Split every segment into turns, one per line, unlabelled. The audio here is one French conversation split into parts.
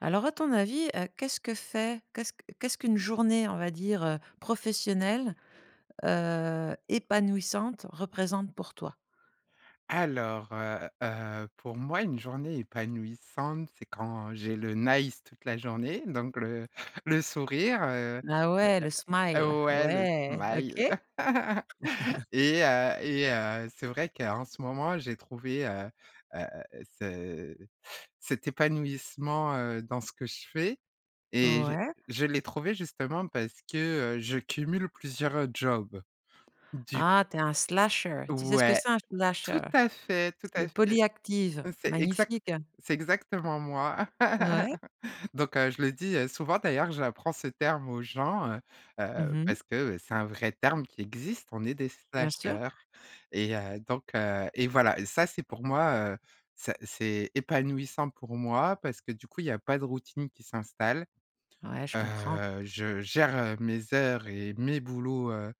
Alors à ton avis, heu, qu'est-ce que fait qu'est-ce que qu'est ce qu'une journée, on va dire, heu, professionnelle, heu, épanouissante, représente pour toi?
Alors, heu heu, pour moi une journée épanouissante, c'est quand j'ai le nice toute la journée, donc le le sourire, heu.
Ah ouais! le smile,
Heu, ouais! Le
ouais,
smile.
OK.
Et heu et heu, c'est vrai qu'en ce moment, j'ai trouvé, heu heu, ce cet épanouissement, heu, dans ce que je fais et je
Ouais.
je l'ai trouvé justement parce que, heu, je cumule plusieurs jobs. Du c
Ah! Tu es un slasher. Tu sais ce que
Ouais!
c'est un slasher?
Tout à fait, tout
C'est
à
des
fait.
polyactives.
C'est exact
Magnifique!
c'est exactement moi.
Ouais?
Donc heu, je le dis, heu, souvent d'ailleurs, j'apprends ce terme aux gens, heu
Mmh
heu,
mh.
parce que, heu, c'est un vrai terme qui existe. On est des
Bien sûr.
slashers et, heu, donc heu et voilà! Et ça c'est pour moi, heu, ça c'est épanouissant pour moi parce que du coup il y a pas de routine qui s'installe.
Ouais, je comprends.
Heu, je gère, heu, mes heures et mes boulots, heu,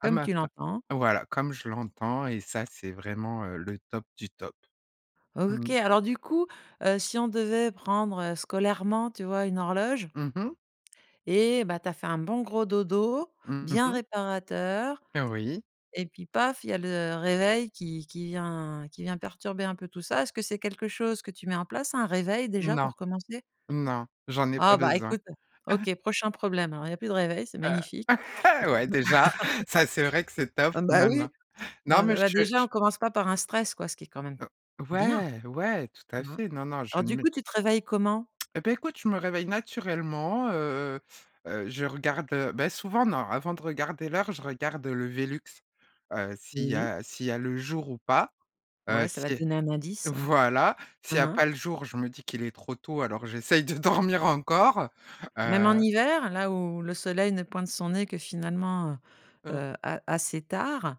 à
Comme
ma
tu
fa
l'entends.
voilà, comme je l'entends. Et ça, c'est vraiment, heu, le top du top.
O
Mmh.
OK, alors du coup, heu, si on devait prendre, heu, scolairement, tu vois, une horloge
Mmh mh.
Et ben, tu as fait un bon gros dodo,
Mmh
bien
mh.
réparateur,
Oui.
et puis paf, il y a le réveil qui qui vient qui vient perturber un peu tout ça. Est-ce que c'est quelque chose que tu mets en place, un réveil déjà
Non!
pour commencer?
Non! J'en ai pas
Ah bah!
besoin.
Ecoute! OK, prochain problème. Alors, il y a plus de réveil, c'est
Heu.
magnifique.
Heu, ouais, déjà. Ca c'est vrai que c'est top,
Bah m ah bah
maintenant
oui! Bah
non
n
mais, je
bah déjà,
je...
on commence pas par un stress quoi, ce qui est quand même
O
bien.
ouais, ouais! Tout à
Hein?
fait. Non, non, je
Alors
ne
du
mets
coup, tu te réveilles comment?
Et ben, écoute, je me réveille naturellement, heu heu je regarde, heu ben, souvent, non! Avant de regarder l'heure, je regarde le velux, heu, s'il y
Oui.
a s'il y a le jour ou pas. Heu,
Ouais! Ca
si
va te donner un
euh
indice. Hein,
voilà! S'il y a
hein.
pas le jour, je me dis qu'il est trop tôt, alors j'essaye de dormir encore.
Même en
Heu
hiver? Là où le soleil ne pointe son nez que finalement,
Heu
heu, a assez tard?